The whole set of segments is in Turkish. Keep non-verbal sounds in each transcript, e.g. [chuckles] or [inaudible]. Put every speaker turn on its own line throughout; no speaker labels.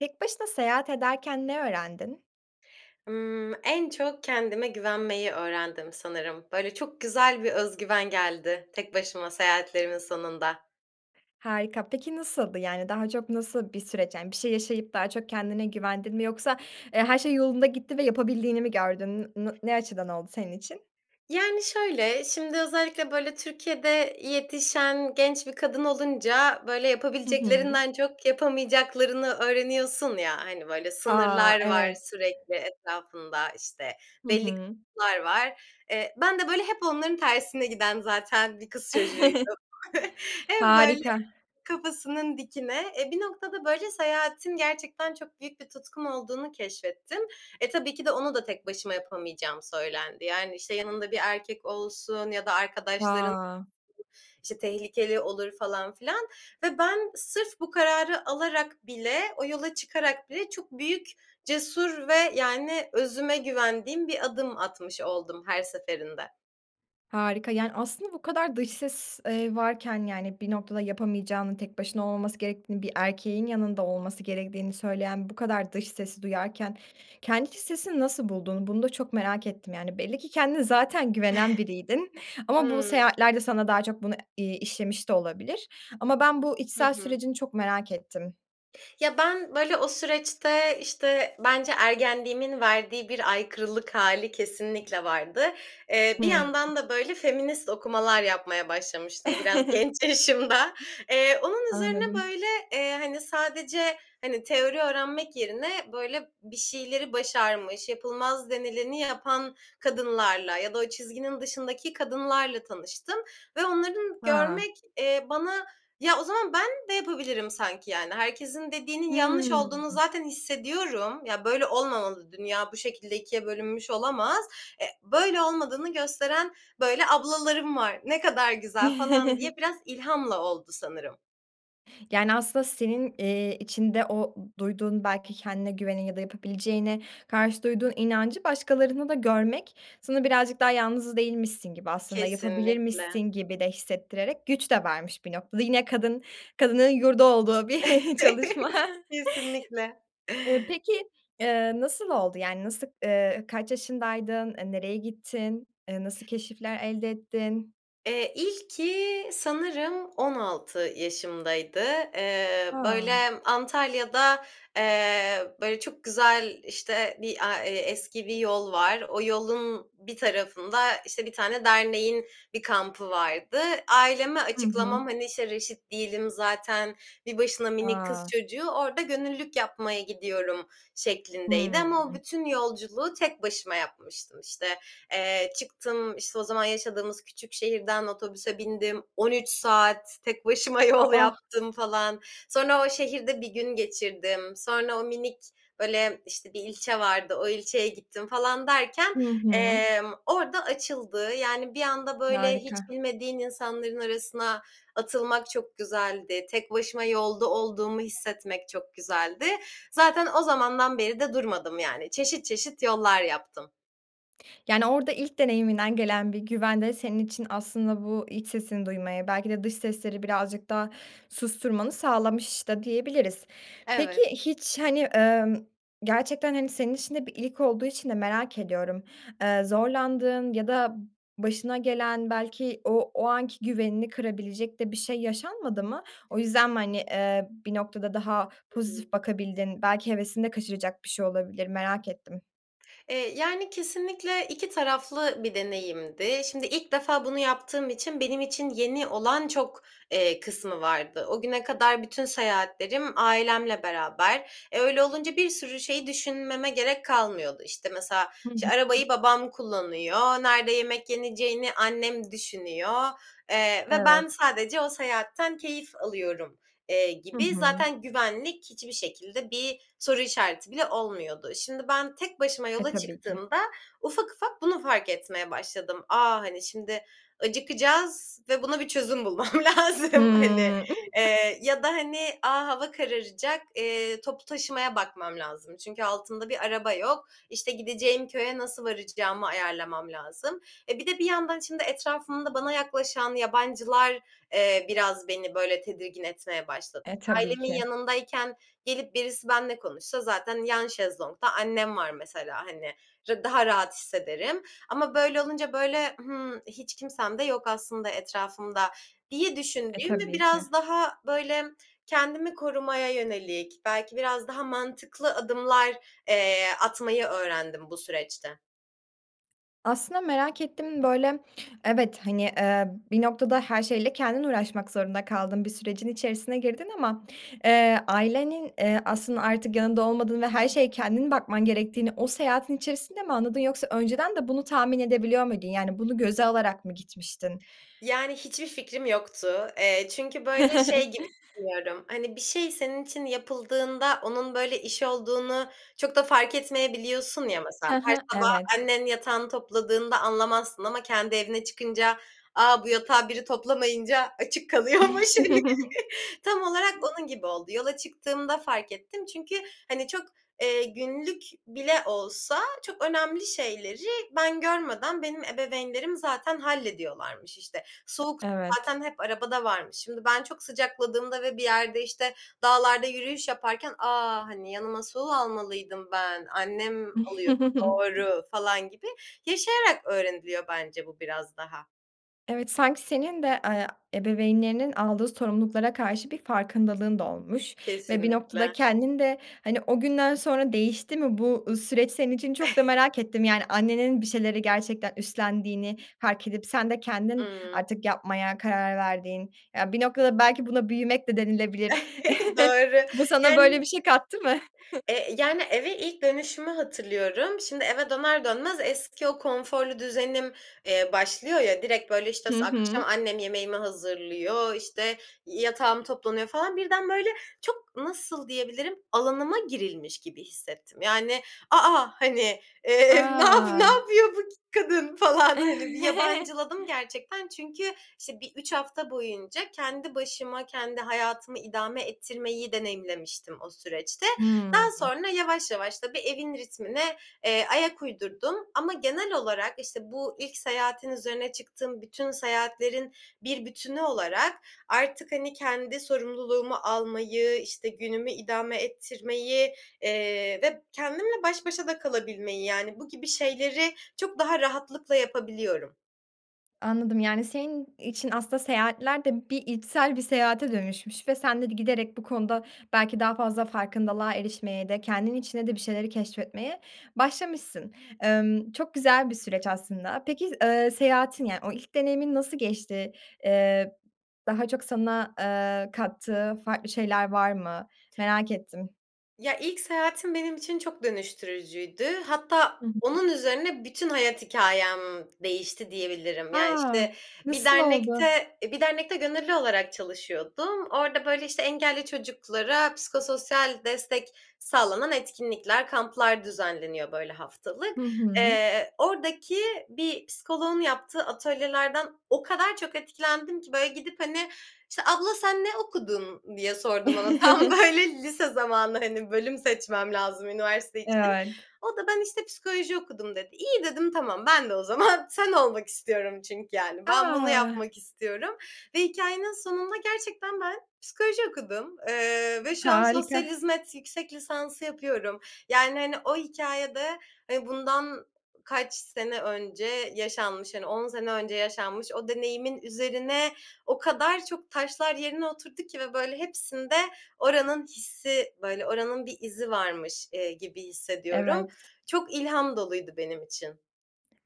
Tek başına seyahat ederken ne öğrendin?
Imm, en çok kendime güvenmeyi öğrendim sanırım. Böyle, çok güzel bir öz güven geldi tek başıma seyahatlerimin sonunda.
Harika, peki nasıldı? Yani daha çok nasıl bir süreç? Yani bir şey yaşayıp daha çok kendine güvendin mi yoksa, eee, her şey yolunda gitti ve yapabildiğini mi gördün, n na ne açıdan oldu senin için?
Yani, şöyle, şimdi özellikle, böyle, Türkiye'de yetişen genç bir kadın olunca, böyle,
Hı hı.
yapabileceklerinden çok yapamayacaklarını öğreniyorsun ya, hani, böyle
A,
sınırlar var
evet.
sürekli etrafında, işte,
Hı
belli
hı.
[unintelligible] var. Eee, ben de böyle hep onların tersine giden zaten bir kız
[chuckles]
çocuğuydum. [chuckles] Hep böyle
Harika.
kafasının dikine. E, bir noktada, böyle, seyahatin gerçekten çok büyük bir tutkum olduğunu keşfettim. E, tabii ki de onu da tek başıma yapamayacağım söylendi. Yani, işte, yanında bir erkek olsun ya da arkadaşların
A.
işte, tehlikeli olur falan filan ve ben sırf bu kararı alarak bile, o yola çıkarak bile çok büyük, cesur ve yani özüme güvendiğim bir adım atmış oldum her seferinde.
Harika, yani, aslında bu kadar dış ses, eee, varken, yani, bir noktada yapamayacağını, tek başına olmaması gerektiğini, bir erkeğin yanında olması gerektiğini söyleyen bu kadar dış sesi duyarken kendi iç sesini nasıl bulduğunu bunu da çok merak ettim, yani. Belli ki kendine zaten güvenen biriydin.
[giggles]
Ama bu
Hıı.
seyahatler de sana daha çok bunu, iii, işlemiş de olabilir. Ama ben bu
Hı
içsel
hı.
sürecini çok merak ettim.
Ya, ben böyle o süreçte, işte, bence ergenliğimin verdiği bir aykırılık hâli kesinlikle vardı. Eee, bir
Hıı.
yandan da böyle feminist okumalar yapmaya başlamıştım biraz
[chuckles]
genç yaşımda. Eee, onun üzerine
Anladım.
böyle, eee, hani, sadece, hani, teori öğrenmek yerine, böyle, bir şeyleri başarmış, yapılmaz denileni yapan kadınlarla ya da o çizginin dışındaki kadınlarla tanıştım ve onların
A!
görmek, eee, bana Ya, o zaman ben de yapabilirim sanki, yani. Herkesin dediğinin yanlış
Hıı.
olduğunu zaten hissediyorum. Ya, böyle olmamalı, dünya bu şekilde 2’ye bölünmüş olamaz. E böyle olmadığını gösteren böyle ablalarım var. Ne kadar güzel falan diye
[chuckles]
biraz ilhamla oldu sanırım.
Yani, aslında senin, iii, içinde o duyduğun belki kendine güvene ya da yapabileceğine karşı duyduğun inancı başkalarında da görmek sana birazcık daha yalnız değilmişsin gibi, aslında yapabilirmişsin
Kesinlikle.
gibi de hissettirerek güç de vermiş bir noktada. Yine kadın, kadının yurdu olduğu bir çalışma.
[chuckles] Kesinlikle.
Eee, peki, eee, nasıl oldu? Yani nasıl eee, kaç yaşındaydın? Eee, nereye gittin? Eee, nasıl keşifler elde ettin?
Eee, ilki sanırım 16 yaşımdaydı. Eee, böyle,
A!
Antalya'da, eee, böyle, çok güzel, işte, bir a e eski bir yol var. O yolun bir tarafında, işte, bir tane derneğin bir kampı vardı. Aileme
Hı
açıklamam,
hı.
hani, işte, reşit değilim zaten, bir başına minik kız
A!
çocuğu, orada gönüllülük yapmaya gidiyorum şeklindeydi ama o
Hıı.
bütün yolculuğu tek başıma yapmıştım. İşte, eee, çıktım, işte, o zaman yaşadığımız küçük şehirden otobüse bindim, 13 saat tek başıma
A,
yol
a!
yaptım falan. Sonra o şehirde 1 gün geçirdim. Sonra o minik, böyle, işte, bir ilçe vardı, o ilçeye gittim falan derken,
Hı hı.
emm, orada açıldı. Yani, bir anda, böyle, hiç
Harika.
bilmediğin insanların arasına atılmak çok güzeldi. Tek başıma yolda olduğumu hissetmek çok güzeldi. Zaten o zamandan beri de durmadım, yani. Çeşit çeşit yollar yaptım.
Yani orada ilk deneyiminden gelen bir güven de senin için aslında bu iç sesini duymaya, belki de dış sesleri birazcık daha susturmanı sağlamış da diyebiliriz. Peki,
Evet.
hiç, hani, ımm, gerçekten, hani, senin için de bir ilk olduğu için de merak ediyorum. Eee, zorlandığın ya da başına gelen, belki o o anki güvenini kırabilecek de bir şey yaşanmadı mı? O yüzden mi, hani, eee, bir noktada daha
Hı hı.
pozitif bakabildin, belki hevesini de kaçıracak bir şey olabilir, merak ettim.
Eee, yani, kesinlikle 2 taraflı bir deneyimdi. Şimdi ilk defa bunu yaptığım için benim için yeni olan çok, eee, kısmı vardı. O güne kadar bütün seyahatlerim ailemle beraber. E, öyle olunca bir sürü şeyi düşünmeme gerek kalmıyordu. İşte, mesela,
Hı
işte,
hı.
arabayı babam kullanıyor, nerede yemek yeneceğini annem düşünüyor, eee, ve ben
Evet.
sadece o seyahatten keyif alıyorum, eee,
Hı
gibi
hı.
zaten güvenlik hiçbir şekilde bir soru işareti bile olmuyordu. Şimdi ben tek başıma
E,
yola
tabii ki.
çıktığımda ufak ufak bunu fark etmeye başladım. "A, hani, şimdi acıkacağız ve buna bir çözüm bulmam lazım." Hani,
Hıı.
eee, ya da, hani, "A, hava kararacak, eee, toplu taşımaya bakmam lazım çünkü altım da bir araba yok, işte, gideceğim köye nasıl varacağımı ayarlamam lazım." E, bir de bir yandan şimdi etrafımda bana yaklaşan yabancılar, eee, biraz beni, böyle, tedirgin etmeye başladı.
E, tabii
Ailemin
ki.
yanındayken gelip birisi benle konuşsa zaten yan şezlongda annem var mesela, hani, r daha rahat hissederim ama böyle olunca, böyle, "Hımm, hiç kimsem de yok aslında etrafımda." diye
E,
düşündüğüm ve
tabii ki.
biraz daha, böyle, kendimi korumaya yönelik, belki biraz daha mantıklı adımlar, eee, atmayı öğrendim bu süreçte.
Aslında merak ettim, böyle, evet, hani, eee, bir noktada her şeyle kendin uğraşmak zorunda kaldın, bir sürecin içerisine girdin ama, eee, ailenin, eee, aslında artık yanında olmadığını ve her şeye kendin bakman gerektiğini o seyahatin içerisinde mi anladın, yoksa önceden de bunu tahmin edebiliyor muydun? Yani, bunu göze alarak mı gitmiştin?
Yani, hiçbir fikrim yoktu. Eee, çünkü, böyle, şey
[chuckles]
gibi düşünüyorum, hani, bir şey senin için yapıldığında onun, böyle, iş olduğunu çok da fark etmeyebiliyorsun ya, mesela.
He
Her
he,
sabah
evet.
annen yatağını topladığında anlamazsın ama kendi evine çıkınca, a, bu yatağı biri toplamayınca açık kalıyormuş.
[chuckles]
[chuckles] Tam olarak onun gibi oldu. Yola çıktığımda fark ettim çünkü, hani, çok, eee, günlük bile olsa çok önemli şeyleri ben görmeden, benim ebeveynlerim zaten hallediyorlarmış. İşte, soğuk su
Evet.
zaten hep arabada varmış. Şimdi ben çok sıcakladığımda ve bir yerde, işte, dağlarda yürüyüş yaparken, "A, hani, yanıma su almalıydım ben, annem alıyordu,
[chuckles]
doğru." falan gibi yaşayarak öğreniliyor bence bu biraz daha.
Evet, sanki senin de, eee, ebeveynlerinin aldığı sorumluluklara karşı bir farkındalığın da olmuş ve bir noktada
Kesinlikle.
kendinde, hani, o günden sonra değişti mi bu süreç senin için?
Eh.
Çok da merak ettim. Yani, annenin bir şeyleri gerçekten üstlendiğini fark edip sen de kendin
Iıı.
artık yapmaya karar verdiğin, ya bir noktada belki buna büyümek de denilebilir.
[giggles]
[chuckles]
Doğru.
Bu sana böyle
Yani,
bir şey kattı mı? [chuckles]
eee, yani, eve ilk dönüşümü hatırlıyorum. Şimdi eve döner dönmez eski o konforlu düzenim, eee, başlıyor ya. Direkt böyle işte
Hı hı.
akşam annem yemeğimi hazırlıyor, işte yatağım toplanıyor falan. Birden böyle çok nasıl diyebilirim, alanıma girilmiş gibi hissettim. Yani, a, a! Hani, eee, nap
A!
napıyor bu kadın falan, hani bir yabancıladım
[chuckles]
gerçekten. Çünkü işte bir 3 hafta boyunca kendi başıma, kendi hayatımı idame ettirmeyi deneyimlemiştim o süreçte. Daha
Hıı.
sonra yavaş yavaş, tabii, evin ritmine, eee, ayak uydurdum. Ama genel olarak işte bu ilk seyahatin üzerine çıktığım bütün seyahatlerin bir bütünü olarak artık hani kendi sorumluluğumu almayı, işte günümü idame ettirmeyi, eee, ve kendimle baş başa da kalabilmeyi, yani, bu gibi şeyleri çok daha rahatlıkla yapabiliyorum.
Anladım, yani, senin için aslında seyahatler de bir içsel bir seyahate dönüşmüş ve sen de giderek bu konuda belki daha fazla farkındalığa erişmeye de kendin içinde de bir şeyleri keşfetmeye başlamışsın. Emm, çok güzel bir süreç aslında. Peki, eee, seyahatin yani, o ilk deneyimin nasıl geçti? Eee, daha çok sana, eee, kattığı farklı şeyler var mı? Merak ettim.
Ya, ilk seyahatim benim için çok dönüştürücüydü. Hatta
[unintelligible]
onun üzerine bütün hayat hikâyem değişti, diyebilirim. Yani,
A,
işte bir
nasıl oldu?
dernekte, eee, bir dernekte gönüllü olarak çalışıyordum. Orda, böyle, işte, engelli çocuklara psikososyal destek sağlanan etkinlikler, kamplar düzenleniyor, böyle, haftalık,
Hı hı.
eee. Ordaki bir psikoloğun yaptığı atölyelerden o kadar çok etkilendim ki, böyle, gidip, hani, işte, "Abla sen ne okudun?" diye sordum ona. Tam,
[chuckles]
böyle, lise zamanı, hani, bölüm seçmem lazım üniversite için.
[unintelligible]
O da, "Ben işte psikoloji okudum." dedi. İyi, dedim, tamam, "Ben de o zaman sen olmak istiyorum." çünkü, yani. Ben bunu
A!
yapmak istiyorum ve hikâyenin sonunda gerçekten ben psikoloji okudum, eee, ve şu an sosyal
Harika.
hizmet yüksek lisansı yapıyorum. Yani, hani, o hikâyede, eee, bundan kaç sene önce yaşanmış, hani, 10 sene önce yaşanmış o deneyimin üzerine o kadar çok taşlar yerine oturdu ki ve, böyle, hepsinde oranın hissi, böyle, oranın bir izi varmış, eee, gibi hissediyorum.
Evet.
Çok ilham doluydu benim için.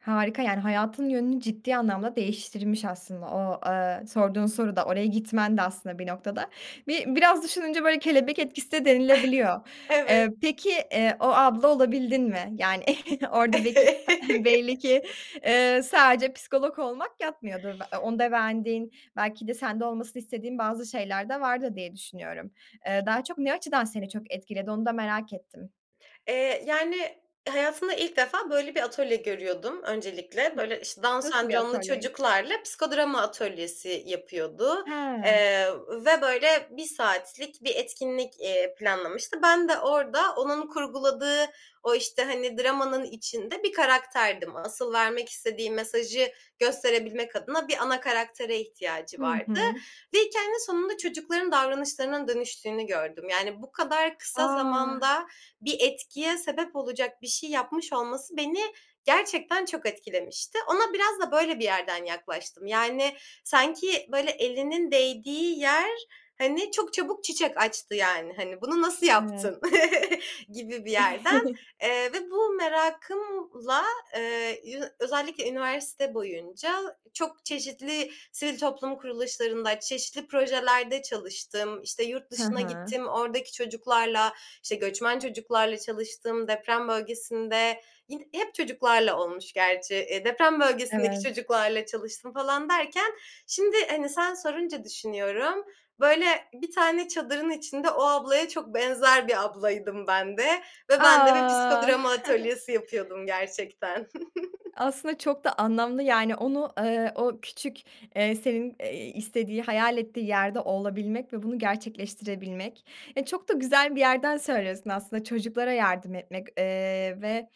Harika, yani, hayatın yönünü ciddi anlamda değiştirmiş aslında. O, eee, sorduğun soru da oraya gitmen de aslında bir noktada. Bi biraz düşününce, böyle, kelebek etkisi de denilebiliyor.
[chuckles]
Eee,
Evet.
peki, eee, o abla olabildin mi? Yani, [chuckles] orada beki [clears throat] belli
[laughs]
ki, eee, sadece psikolog olmak yatmıyordur. A onda beğendiğin belki de sende olmasını istediğin bazı şeyler de vardır, diye düşünüyorum. Eee, daha çok, ne açıdan seni çok etkiledi onu da merak ettim.
Eee, yani, hayatımda ilk defa böyle bir atölye görüyordum öncelikle. Böyle, işte, Down
Nasıl bir
Sendromlu
atölyeydi?
çocuklarla psikodrama atölyesi yapıyordu,
He.
eee, ve böyle 1 saatlik bir etkinlik, eee, planlamıştı. Ben de orada onun kurguladığı o, işte, hani, dramanın içinde bir karakterdim. Asıl vermek istediği mesajı gösterebilmek adına bir ana karaktere ihtiyacı
Hı
vardı
hı.
ve hikâyenin sonunda çocukların davranışlarının dönüştüğünü gördüm. Yani, bu kadar kısa
A!
zamanda bir etkiye sebep olacak bir şey yapmış olması beni gerçekten çok etkilemişti. Ona biraz da böyle bir yerden yaklaştım. Yani, sanki, böyle, elinin değdiği yer, hani, çok çabuk çiçek açtı, yani. Hani, bunu nasıl
Evet.
yaptın [chuckles] gibi bir yerden.
[chuckles]
Eee, ve bu merakımla, eee, yü özellikle üniversite boyunca çok çeşitli sivil toplum kuruluşlarında, çeşitli projelerde çalıştım. İşte, yurt
He
dışına
he.
gittim, oradaki çocuklarla, işte, göçmen çocuklarla çalıştım, deprem bölgesinde, yin hep çocuklarla olmuş gerçi. Eee, deprem bölgesindeki
Evet.
çocuklarla çalıştım falan derken şimdi, hani, sen sorunca düşünüyorum, böyle, bir tane çadırın içinde o ablaya çok benzer bir ablaydım ben de ve ben de bir
A!
psikodrama
[chuckles]
atölyesi yapıyordum gerçekten. [chuckles]
Aslında çok da anlamlı, yani, onu, eee, o küçük, eee, senin, eee, istediği, hayal ettiği yerde olabilmek ve bunu gerçekleştirebilmek. E, çok da güzel bir yerden söylüyorsun aslında. Çocuklara yardım etmek, eee, ve,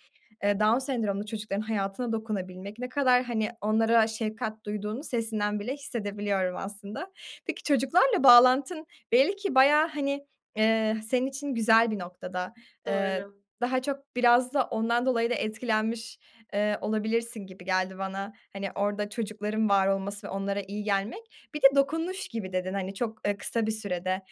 eee, Down sendromlu çocukların hayatına dokunabilmek. Ne kadar, hani, onlara şefkat duyduğunu sesinden bile hissedebiliyorum aslında. Peki çocuklarla bağlantın belli ki bayağı, hani, eee, senin için güzel bir noktada. Eee,
Doğru.
daha çok biraz da ondan dolayı da etkilenmiş, eee, olabilirsin gibi geldi bana. Hani, orada çocukların var olması ve onlara iyi gelmek. Bir de dokunuş gibi dedin, hani, çok, eee, kısa bir sürede.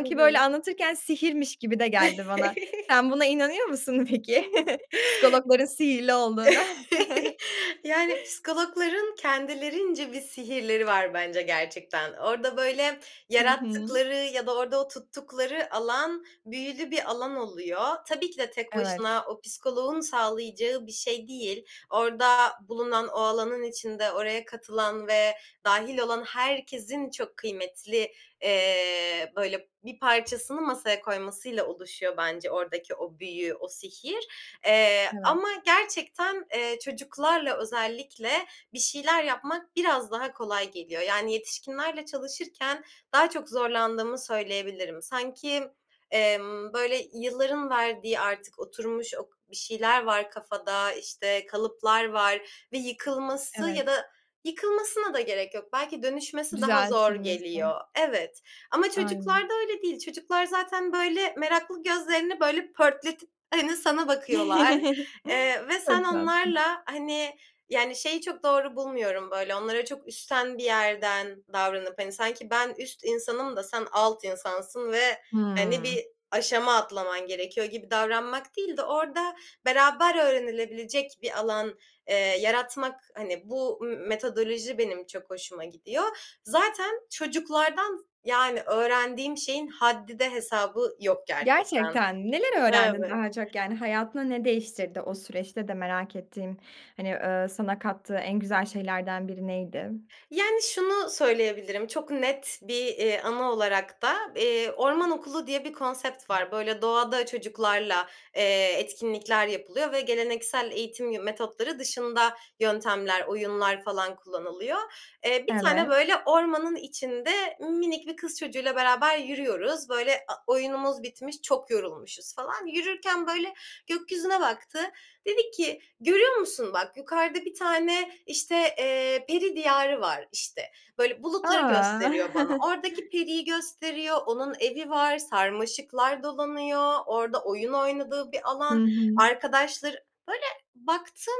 Hı
böyle,
hı.
anlatırken sihirmiş gibi de geldi bana.
[chuckles]
Sen buna inanıyor musun peki, [chuckles] psikologların sihirli olduğuna?
[chuckles]
[chuckles]
Yani, psikologların kendilerince bir sihirleri var bence gerçekten. Orada, böyle,
Hı hı.
yarattıkları ya da orada o tuttukları alan büyülü bir alan oluyor. Tabii ki de tek
Evet.
başına o psikoloğun sağlayacağı bir şey değil. Orada bulunan, o alanın içinde oraya katılan ve dâhil olan herkesin çok kıymetli, eee, böyle, bir parçasını masaya koymasıyla oluşuyor bence oradaki o büyü, o sihir. Eee,
Evet.
ama gerçekten, eee, çocuklarla özellikle bir şeyler yapmak biraz daha kolay geliyor. Yani, yetişkinlerle çalışırken daha çok zorlandığımı söyleyebilirim. Sanki, emm, böyle, yılların verdiği artık oturmuş, ok bir şeyler var kafada, işte, kalıplar var ve yıkılması ya
Evet.
da yıkılmasına da gerek yok. Belki dönüşmesi daha zor
Düzeltilmesi.
geliyor. Evet, ama
Aynen.
çocuklarda öyle değil. Çocuklar zaten, böyle, meraklı gözlerini, böyle, pörtletip, hani, sana bakıyorlar,
[chuckles]
eee, ve sen
Çok tatlı.
onlarla, hani, yani, şeyi çok doğru bulmuyorum, böyle, onlara çok üstten bir yerden davranıp, hani, sanki ben üst insanım da sen alt insansın ve, hani,
Hımm.
bir aşama atlaman gerekiyor gibi davranmak değil de orada beraber öğrenilebilecek bir alan, eee, yaratmak. Hani, bu, mı metodoloji benim çok hoşuma gidiyor. Zaten çocuklardan, yani, öğrendiğim şeyin haddi de hesabı yok gerçekten.
Gerçekten mi? Neler öğrendin
Evet.
daha çok, yani? Hayatında ne değiştirdi o süreçte de merak ettiğin, hani, eee, sana kattığı en güzel şeylerden biri neydi?
Yani, şunu söyleyebilirim, çok net bir, eee, anı olarak da, eee, orman okulu diye bir konsept var. Böyle, doğada çocuklarla, eee, etkinlikler yapılıyor ve geleneksel eğitim yı metotları dışında yöntemler, oyunlar falan kullanılıyor. Eee, bir tane,
Evet.
böyle, ormanın içinde minik bir kız çocuğuyla beraber yürüyoruz. Böyle, a oyunumuz bitmiş, çok yorulmuşuz falan. Yürürken böyle gökyüzüne baktı, dedi ki, "Görüyor musun, bak, yukarıda bir tane, işte, eee, peri diyarı var." işte. Böyle, bulutları gösteriyor bana.
A! [chuckles]
Oradaki periyi gösteriyor, onun evi var, sarmaşıklar dolanıyor, orada oyun oynadığı bir
Hı
alan,
hı.
arkadaşları Böyle baktım,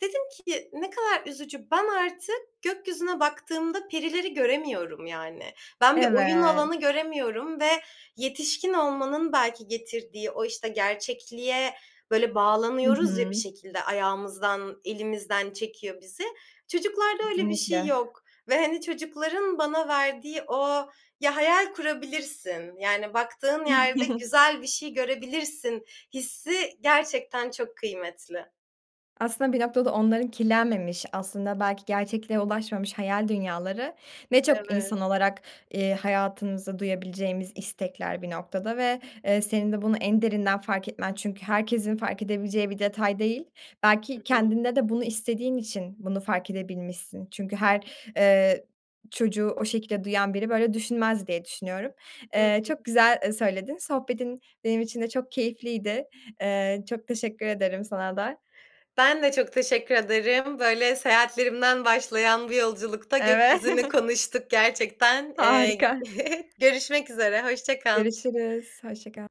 dedim ki, "Ne kadar üzücü. Ben artık gökyüzüne baktığımda perileri göremiyorum." yani. Ben bir oyun
Evet.
alanı göremiyorum ve yetişkin olmanın belki getirdiği o, işte, gerçekliğe, böyle,
Hı
bağlanıyoruz ya bir
hı.
şekilde ayağımızdan, elimizden çekiyor bizi. Çocuklarda öyle bir şey
Kesinlikle.
yok ve, hani, çocukların bana verdiği o Ya, hayal kurabilirsin, yani, baktığın yerde
[chuckles]
güzel bir şey görebilirsin hissi gerçekten çok kıymetli.
Aslında bir noktada onların kirlenmemiş, aslında belki gerçekliğe ulaşmamış hayal dünyaları ne çok
Evet.
insan olarak, eee, hayatımızda duyabileceğimiz istekler bir noktada ve, eee, senin de bunu en derinden fark etmen çünkü herkesin fark edebileceği bir detay değil. Belki
Hı hı.
kendinde de bunu istediğin için bunu fark edebilmişsin. Çünkü her, eee, çocuğu o şekilde duyan biri, böyle düşünmez diye düşünüyorum.
Hı
Eee, çok
hı.
güzel, eee, söyledin. Sohbetin benim için de çok keyifliydi. Eee, çok teşekkür ederim sana da.
Ben de çok teşekkür ederim. Böyle, seyahatlerimden başlayan bu yolculukta
Eve
gökyüzünü
[chuckles]
konuştuk gerçekten. Eee,
Harika.
[chuckles] görüşmek üzere, hoşça kal.
Görüşürüz. Hoşça kal.